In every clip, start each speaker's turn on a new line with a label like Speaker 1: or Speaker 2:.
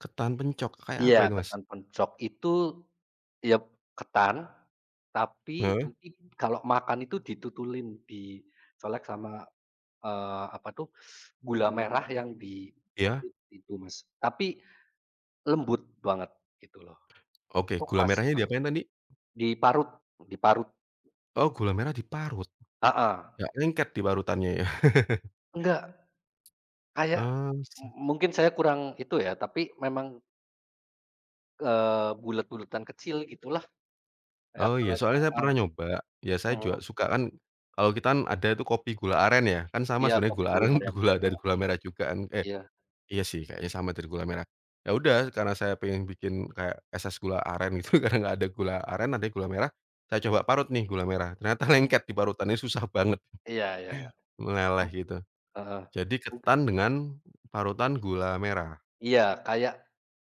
Speaker 1: Ketan pencok, kayak apa
Speaker 2: Iya,
Speaker 1: itu, Mas?
Speaker 2: ketan pencok itu, ya ketan tapi
Speaker 1: Heeh.
Speaker 2: nanti kalau makan itu ditutulin, dicolek sama, eee, apa tuh gula merah yang
Speaker 1: Iya.
Speaker 2: diparut itu, Mas. Tapi lembut banget gitu loh.
Speaker 1: Oke,
Speaker 2: Itu
Speaker 1: gula
Speaker 2: khas
Speaker 1: merahnya
Speaker 2: banget.
Speaker 1: diapain tadi?
Speaker 2: Diparut diparut.
Speaker 1: Oh gula merah diparut?
Speaker 2: Heeh.
Speaker 1: Nggak lengket diparutannya ya?
Speaker 2: Enggak.
Speaker 1: E
Speaker 2: Kayak,
Speaker 1: eh. Sa
Speaker 2: mu mungkin saya kurang itu ya, tapi memang eee, bulat-bulatan kecil gitulah. Kayak
Speaker 1: Oh iya, soalnya
Speaker 2: [unintelligible]
Speaker 1: saya
Speaker 2: heeh,
Speaker 1: pernah nyoba, ya saya
Speaker 2: mhm.
Speaker 1: juga suka kan kalau kita kan ada itu kopi gula aren ya, kan sama
Speaker 2: Iya,
Speaker 1: sebenarnya
Speaker 2: kopi
Speaker 1: gula
Speaker 2: gula
Speaker 1: aren
Speaker 2: aren,
Speaker 1: gula dari
Speaker 2: heeh.
Speaker 1: gula merah juga kan eh
Speaker 2: Iya.
Speaker 1: iya sih, kayaknya sama dari gula merah. Ya udah karena saya pengen bikin kayak es es gula aren gitu karena nggak ada gula aren, ada nya gula merah saya coba parut nih gula merah ternyata
Speaker 2: Hmm.
Speaker 1: lengket diparutannya, susah banget,
Speaker 2: Iya iya,
Speaker 1: meleleh
Speaker 2: mhm,
Speaker 1: gitu.
Speaker 2: heeh.
Speaker 1: Jadi ketan
Speaker 2: [unintelligible]
Speaker 1: dengan parutan gula merah?
Speaker 2: Iya kayak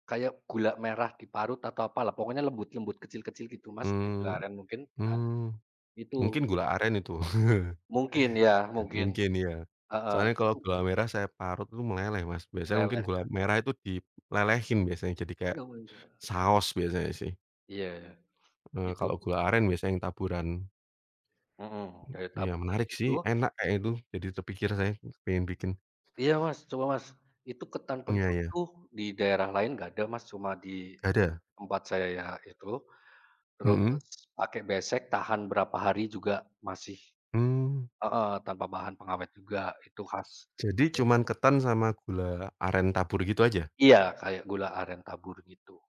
Speaker 2: kayak gula merah diparut atau apalah pokoknya lembut-lembut kecil-kecil gitu, Mas. Kayak gula
Speaker 1: Mmm
Speaker 2: aren mungkin, heeh,
Speaker 1: mmm. Mungkin
Speaker 2: itu
Speaker 1: gula aren itu,
Speaker 2: Mungkin ya, mungkin,
Speaker 1: mungkin ya.
Speaker 2: heeh,
Speaker 1: Soalnya kalau
Speaker 2: itu
Speaker 1: gula merah saya parut itu meleleh, Mas, biasanya mungkin
Speaker 2: Meleleh
Speaker 1: gula
Speaker 2: kan.
Speaker 1: merah itu dilelehin biasanya, jadi kayak
Speaker 2: Oh iya.
Speaker 1: saos biasanya sih.
Speaker 2: Iya,
Speaker 1: Eee,
Speaker 2: gitu.
Speaker 1: kalau gula aren biasanya yang taburan. E
Speaker 2: Mhm, dari
Speaker 1: iya
Speaker 2: taburan
Speaker 1: menarik
Speaker 2: gitu.
Speaker 1: sih, enak kayaknya itu jadi terpikir saya, pengen bikin.
Speaker 2: Iya, Mas, coba, Mas. Itu ketan
Speaker 1: Iya
Speaker 2: pencok
Speaker 1: iya.
Speaker 2: tuh di daerah lain nggak ada, Mas, cuma di
Speaker 1: Gak ada?
Speaker 2: tempat saya itu. Terus
Speaker 1: Mhm.
Speaker 2: pakai besek tahan berapa hari juga masih
Speaker 1: Mmm.
Speaker 2: heeh, tanpa bahan pengawet juga, itu khas
Speaker 1: Jadi
Speaker 2: dari
Speaker 1: cuman
Speaker 2: [unintelligible]
Speaker 1: ketan sama gula aren tabur gitu aja?
Speaker 2: Iya, kayak gula aren tabur gitu.